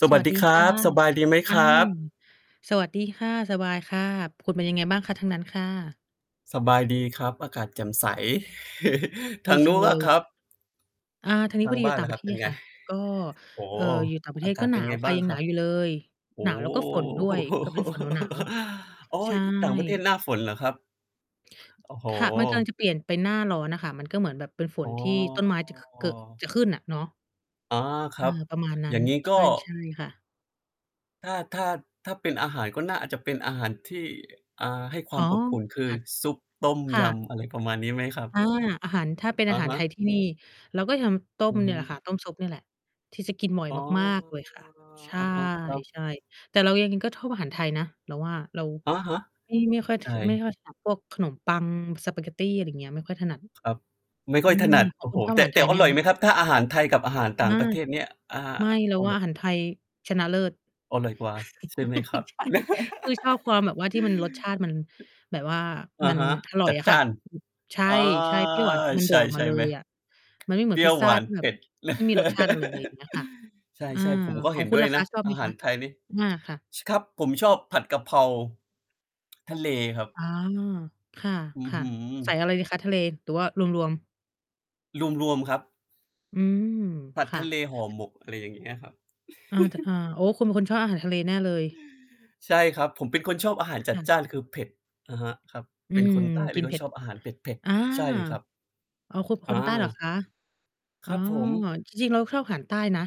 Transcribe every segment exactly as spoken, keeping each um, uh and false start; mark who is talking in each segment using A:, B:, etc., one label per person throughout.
A: ส
B: ส
A: ว
B: ว
A: ัส
B: ัส
A: ด
B: ด
A: ี
B: ี
A: คร
B: ค่
A: ั
B: ะ
A: บ สบายดีไหม
B: อ
A: ค
B: า
A: รับ?
B: สวัสดีค่ะ สบายค่ะ คุณเป็นยังไงบ้างคะ ทางนั้นค่ะ?
A: สบายดีครับ อากาศแจ่มใส ท
B: ด
A: า
B: ี
A: ง
B: จ
A: น
B: ั
A: ู
B: ง
A: ้น
B: เล
A: อะค
B: ย
A: รับ?
B: อา ทางนี้
A: ท
B: พ
A: า
B: อ
A: ง
B: ดี
A: บ
B: อย
A: ้
B: ู
A: า
B: ่
A: น
B: ต่า
A: ล
B: ง
A: ่ะ
B: ป
A: ค
B: ร
A: ร
B: ะ
A: ั
B: เ
A: บ
B: ท
A: เป็
B: ศ
A: นไ
B: ค
A: ง?
B: ่ะ ก็
A: โอ้โฮ
B: เอ่อ อยู่ต่างประเท
A: อา
B: ศ
A: ก
B: ก็
A: าศ
B: ห
A: เป
B: น
A: ็น
B: าว
A: ไง
B: ค่
A: บ
B: ะ
A: ้าง
B: ยัง
A: ค
B: หน
A: ร
B: า
A: ับ?
B: วอยู่เลย
A: โอ้
B: หนาวแล้วก็ฝนด้วย
A: โฮ
B: ก็เป็นฝนหนาว
A: อ๋อ
B: ๆ ใช
A: ต่างประเทศ
B: ่
A: หน้าฝนเหรอครับ? โอ้โฮ
B: ค่ะ มันกำลังจะเปลี่ยนเป็นหน้าร้อนอะค่ะ มันก็เหมือนแบบเป็นฝ
A: อ
B: น
A: ๋อ
B: ที่ต้นไม้จะ ข ก จะขึ้นอะเนาะ
A: อา ค
B: เอ
A: รับ
B: อ ประมาณนั
A: อ
B: ้
A: ย่
B: น
A: างงี้
B: ใช
A: ก็
B: ่ ใช่ค่ะ
A: ถ้า ถ้า ถ้าเป็นอาหาร ก็น่าอาจจะเป็นอาหารที่ อ่า ให้คว
B: อ
A: า
B: ๋
A: ม
B: อ
A: อบอุ่น คือ
B: [unintelligible]
A: ซุป ต้ม
B: ค่
A: ย
B: ะ
A: ำ อะไรประมาณนี้ไหมครับ?
B: อา อาหาร ถ้าเป็น
A: อ
B: อ
A: ะ
B: าหา
A: ฮ
B: รไท
A: ะ
B: ยที่นี่ เราก็ทำต้
A: อื
B: ม
A: อ
B: เ
A: ฮ
B: นี่
A: ึ
B: ยแหละค่ะ ต้มซุปเนี่ยแหละ ที่จะกินบ่อย
A: อ๋อ
B: มากมากเลยค่ะ ใช
A: อะฮะ ครับ
B: ่ ๆ แต่เรายังไงก็ชอบอาหารไทยนะ เราว่า เรา
A: อะฮะ
B: ไม่ ไม่ค่อย
A: ใ
B: ถ
A: ช
B: ไม่
A: ่
B: ค่อยถนัดพวกขนมปัง สปาเกตตี อะไรอย่างเงี้ย ไม่ค่อยถนัด
A: ครับ ไม่ค
B: อื
A: ่อยถ
B: ม
A: นัด
B: ข
A: โ
B: อ
A: อ
B: ง
A: ้
B: ค
A: โ
B: ุ
A: ฮ
B: ณ ชอบ
A: แ
B: อ
A: ต
B: า
A: ่
B: หาร
A: แต
B: ไท
A: ่
B: ยไห
A: อ
B: ม
A: ร่อย
B: ค
A: ไห
B: ะ?
A: มครับ? ถ้าอาหารไทยกับอาหาร
B: อ
A: ต่าง
B: า
A: ประเทศเนี่ย อ่า
B: ไม่ เรา
A: เอา
B: ว่
A: แ
B: า
A: บ
B: อ
A: บ
B: าหารไทยชนะเลิศ
A: อร่อยกว่า ใช่ไหมครับ?
B: ใช่ ก็คือ ชอบความแบบว่า ที่มันรสชาติมันแบบว่า
A: อ
B: มั
A: ะ
B: น
A: ฮะ
B: อร่
A: จ
B: อย
A: ัด
B: อะ
A: จ
B: ค
A: ้
B: ่ะ
A: าน
B: ใช
A: อา
B: ่ ๆ เปรี้ยวหวาน คือมันโ
A: ใ
B: ด
A: ช
B: ด
A: ่
B: ออก
A: ใ
B: ม
A: ช
B: า
A: ่
B: เล
A: ไหม?
B: ยอะ มันไม่เหม
A: เ
B: ื
A: ป
B: อ
A: ร
B: น
A: ี้
B: พ
A: ย
B: ิ
A: ว
B: ซซ
A: ห
B: ่
A: ว
B: า
A: าน
B: ที่แ
A: เ
B: บ
A: ผ
B: บ
A: ็ด
B: ไม่มีรสชาติ อะไรเลยอย่างเงี้ยค่ะ
A: ใ
B: อา
A: ช่ ๆ ผมก็
B: ข
A: เ
B: อ
A: ห
B: ง
A: ็น
B: คุ
A: ด
B: ณ
A: ้วย
B: ล่ะค
A: น
B: ะ
A: ะ
B: ชอบไ
A: อ
B: หม
A: าห
B: ค
A: า
B: ะ?
A: รไทยนี่
B: อา ค่ะ
A: ช ครับ ผมชอบผัดกะเพราทะเลครับ
B: อ๋อ ค
A: อื้อ
B: ่ะ
A: ฮื
B: ๆ ใส่
A: อ
B: อะไรดีคะ ทะเลหรือว่ารวม ๆ?
A: รวม ๆ ครับ
B: อืม
A: ผัด
B: ค่
A: ท
B: ะ
A: ะเล ห่อหมก อะไรอย่างเงี้ยครับ
B: อา แต่ อา โอ้ คุณเป็นคนชอบอาหารทะเลแน่เลย
A: ใช่ครับ ผมเป็นคนชอบอาหารจั
B: ค
A: ด
B: ่
A: จ
B: ะ
A: ้าน คือ เผ็ด อะฮะ ครับ
B: อื
A: เป็น
B: ม
A: คนใต้ เ
B: ก
A: ล
B: ิ
A: ย
B: น
A: ก
B: เ
A: ็
B: ผ็
A: ช
B: ด
A: อบอาหารเผ็ด
B: อา
A: ๆ ใช่ครับ
B: อ๋อ คุณเป็น
A: อ
B: คนใต้เหรอ
A: า
B: คะ? อ
A: ค
B: ๋อ
A: รับผม
B: จริง ๆ เราชอบอาหารใต้นะ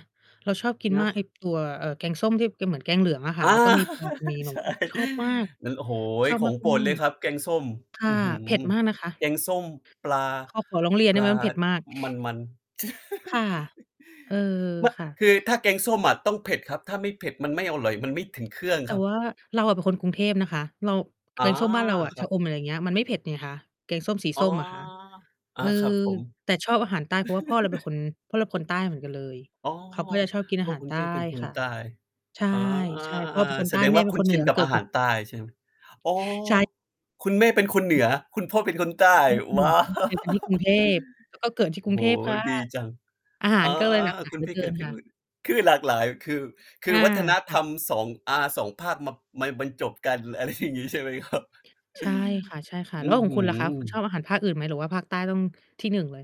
B: เราชอบกิน
A: น
B: มา
A: ะ
B: ก ไอ้ตัว เอ่อ แกงส้ม ที่จะเหมือนแกงเหลืองอะค
A: อ
B: ่ะ
A: า
B: แล้วก็มี ปลา มีหน่
A: ใ
B: อ
A: ช
B: ไม
A: ่
B: ้ ชอบมาก
A: งั้น โอ้โฮ
B: ชอบ
A: ข
B: ม
A: องโปร
B: า
A: ดเล
B: ก
A: ยครับ แกงส้ม
B: ๆ ค่ะ
A: อื้อฮื
B: เผ็ดมากนะคะ
A: แกงส้มปลา
B: เขา ขอร้องเรียน
A: ป
B: ได้
A: ล
B: ไหม?
A: า
B: มันเผ็ดมาก
A: มัน ๆ
B: ค่ะ เออ
A: ไม่
B: ค่ะ
A: คือ ถ้าแกงส้มอะต้องเผ็ดครับ ถ้าไม่เผ็ดมันไม่อร่อย มันไม่ถึงเครื่อง
B: แต
A: ค
B: ่
A: รั
B: ว
A: บ
B: ่าเราอะเป็นคนกรุงเทพนะคะ เรา
A: อ
B: แก
A: า
B: งส้มบ้านเราอะ
A: คร
B: ช
A: ั
B: ะ
A: บ
B: อม อะไรอย่างเงี้ย มันไม่เผ็ดไงคะ แกงส้มสี
A: อ๋
B: ส
A: อ
B: ้มอะค่ะ
A: อ
B: เ
A: า
B: ออ
A: ครับผม
B: แต่ชอบอาหารใต้ เพราะว่าพ่อเราเป็นคน พ่อเราเป็นคนใต้เหมือนกันเลย
A: อ๋อ
B: เขาก็จะชอบกินอ
A: พ
B: า
A: ่
B: ห
A: อ
B: าร
A: คุ
B: ใ
A: ณ
B: ต
A: แป
B: ้
A: ้งเป็นค
B: ค
A: น
B: ่ะ
A: ใต้
B: ใช่
A: อา
B: ใช่ พ่อเป็นคน
A: แ
B: ใ
A: ส
B: ต้
A: ดง
B: แม
A: ว
B: ่
A: ่า
B: เป็
A: ค
B: น
A: ุ้
B: ค
A: น
B: นเห
A: ช
B: นื
A: ิน
B: อ
A: กับ
B: เกิ
A: อ
B: ด
A: า
B: ก
A: ห
B: รุ
A: า
B: ง
A: รใต้ใช่ไหม? อ๋อ
B: ใช่
A: คุณแม่เป็นคนเหนือ คุณพ่อเป็นคนใต้
B: แม่คนเห
A: ว
B: นือ
A: ้าว
B: เจอกันที่กรุงเทพ แล้วก็เกิดที่
A: โ
B: ก
A: อ
B: ร
A: ้
B: ุ
A: โ
B: ง
A: ฮ
B: เทพค่ะ
A: ดีจัง
B: อาหา
A: อ
B: ร
A: า
B: ก็เลย หลากหลา
A: ค
B: ย
A: ุ
B: เห
A: ณ
B: ลื
A: ไ
B: อ
A: ป
B: เก
A: เ
B: ิ
A: กิ
B: น
A: ดที
B: ค
A: ่
B: ่
A: นู
B: ะ
A: ่น คือหลากหลาย คือ ค
B: อ
A: ื
B: า
A: อวัฒน
B: ค
A: ธ
B: ่ะ
A: รรม สอง อา สอง ภาคมา มาบรรจบกัน อะไรอย่างงี้ ใช่ไหมครับ?
B: ใช่ค่ะ ๆ
A: อ
B: แล้
A: ื
B: ว
A: ้อ
B: ขอ
A: ฮ
B: ง
A: ื
B: คุณล่ะคะ คุณช
A: อ
B: อบอาหารภาคอื่นไหม? หรือว่าภาคใต้ต้อง ที่ หนึ่ง เลย